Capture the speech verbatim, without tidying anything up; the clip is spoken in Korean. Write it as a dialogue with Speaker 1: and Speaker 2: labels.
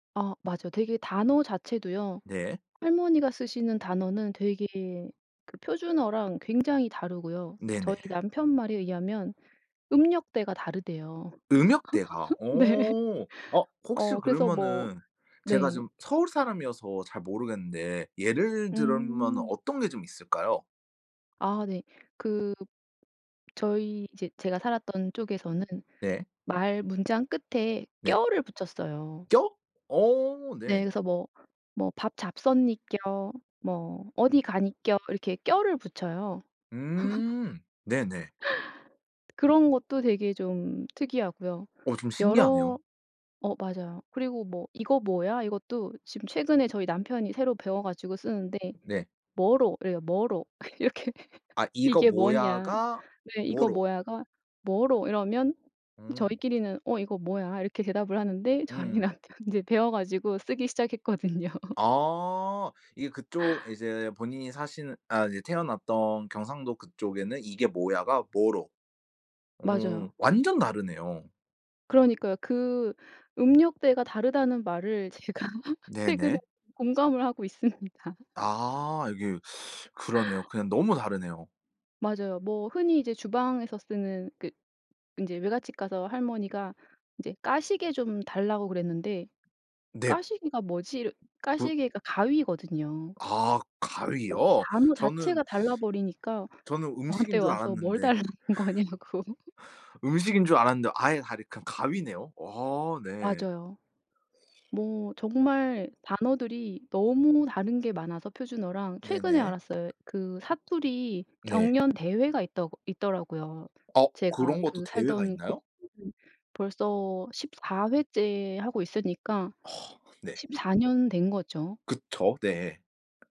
Speaker 1: 아 맞아요. 되게 단어 자체도요.
Speaker 2: 네.
Speaker 1: 할머니가 쓰시는 단어는 되게 그 표준어랑 굉장히 다르고요. 저희
Speaker 2: 네네.
Speaker 1: 남편 말에 의하면 음역대가 다르대요.
Speaker 2: 음역대가.
Speaker 1: 네.
Speaker 2: 어. 어 혹시
Speaker 1: 어 그래서 뭐
Speaker 2: 그러면은 제가
Speaker 1: 네.
Speaker 2: 좀 서울 사람이어서 잘 모르겠는데 예를 들으면은
Speaker 1: 음.
Speaker 2: 어떤 게 좀 있을까요?
Speaker 1: 아 네. 그 저희 이제 제가 살았던 쪽에서는
Speaker 2: 네.
Speaker 1: 말 문장 끝에
Speaker 2: 네.
Speaker 1: 껴를 붙였어요.
Speaker 2: 껴? 어
Speaker 1: 네.
Speaker 2: 네.
Speaker 1: 그래서 뭐 뭐 "밥 잡쉈니껴." 뭐 "어디 가니껴." 이렇게 껴를 붙여요.
Speaker 2: 음 네네.
Speaker 1: 그런 것도 되게 좀 특이하고요.
Speaker 2: 어 좀
Speaker 1: 여러
Speaker 2: 신기하네요.
Speaker 1: 어 맞아요. 그리고 뭐 "이거 뭐야?" 이것도 지금 최근에 저희 남편이 새로 배워 가지고 쓰는데
Speaker 2: 네.
Speaker 1: "뭐로."래요 "뭐로." 이렇게
Speaker 2: 아 "이거
Speaker 1: 이게 뭐냐.
Speaker 2: 뭐야."가
Speaker 1: 네 "이거
Speaker 2: "뭐로."
Speaker 1: 뭐야."가 "뭐로." 이러면
Speaker 2: 오.
Speaker 1: 저희끼리는 "어 이거 뭐야." 이렇게 대답을 하는데 저희
Speaker 2: 음.
Speaker 1: 남편 이제 배워 가지고 쓰기 시작했거든요.
Speaker 2: 아 이게 그쪽 이제 본인이 사시는 아 이제 태어났던 경상도 그쪽에는 "이게 뭐야."가 "뭐로." 어
Speaker 1: 맞아요.
Speaker 2: 완전 다르네요.
Speaker 1: 그러니까요. 그 음역대가 다르다는 말을 제가 최근에
Speaker 2: 네네.
Speaker 1: 공감을 하고 있습니다.
Speaker 2: 아 이게 그러네요. 그냥 너무 다르네요.
Speaker 1: 맞아요. 뭐 흔히 이제 주방에서 쓰는 그 인제 외갓집 가서 할머니가 인제 까시개 좀 달라고 그랬는데
Speaker 2: 넵.
Speaker 1: '까시개가 뭐지.'
Speaker 2: 부
Speaker 1: 까시개가 가위거든요.
Speaker 2: 아 가위요?
Speaker 1: 단어
Speaker 2: 저는
Speaker 1: 자체가 달라버리니까
Speaker 2: 저는
Speaker 1: 저한테
Speaker 2: 음식인 줄
Speaker 1: 와서 뭘
Speaker 2: 알았는데.
Speaker 1: 달라는 거냐고.
Speaker 2: 음식인 줄 알았는데 아예 다르 그냥 가위네요. 어 네.
Speaker 1: 맞아요. 뭐 정말 단어들이 너무 다른 게 많아서 표준어랑 최근에
Speaker 2: 네네.
Speaker 1: 알았어요. 그 사투리
Speaker 2: 네.
Speaker 1: 경연 대회가 있더 있더라고요.
Speaker 2: 어
Speaker 1: 제가
Speaker 2: 그런 것도
Speaker 1: 그
Speaker 2: 대회가
Speaker 1: 살던
Speaker 2: 있나요?
Speaker 1: 곳은 벌써 십사 회째 하고 있으니까
Speaker 2: 어 네.
Speaker 1: 십사 년 된 거죠.
Speaker 2: 그쵸. 네.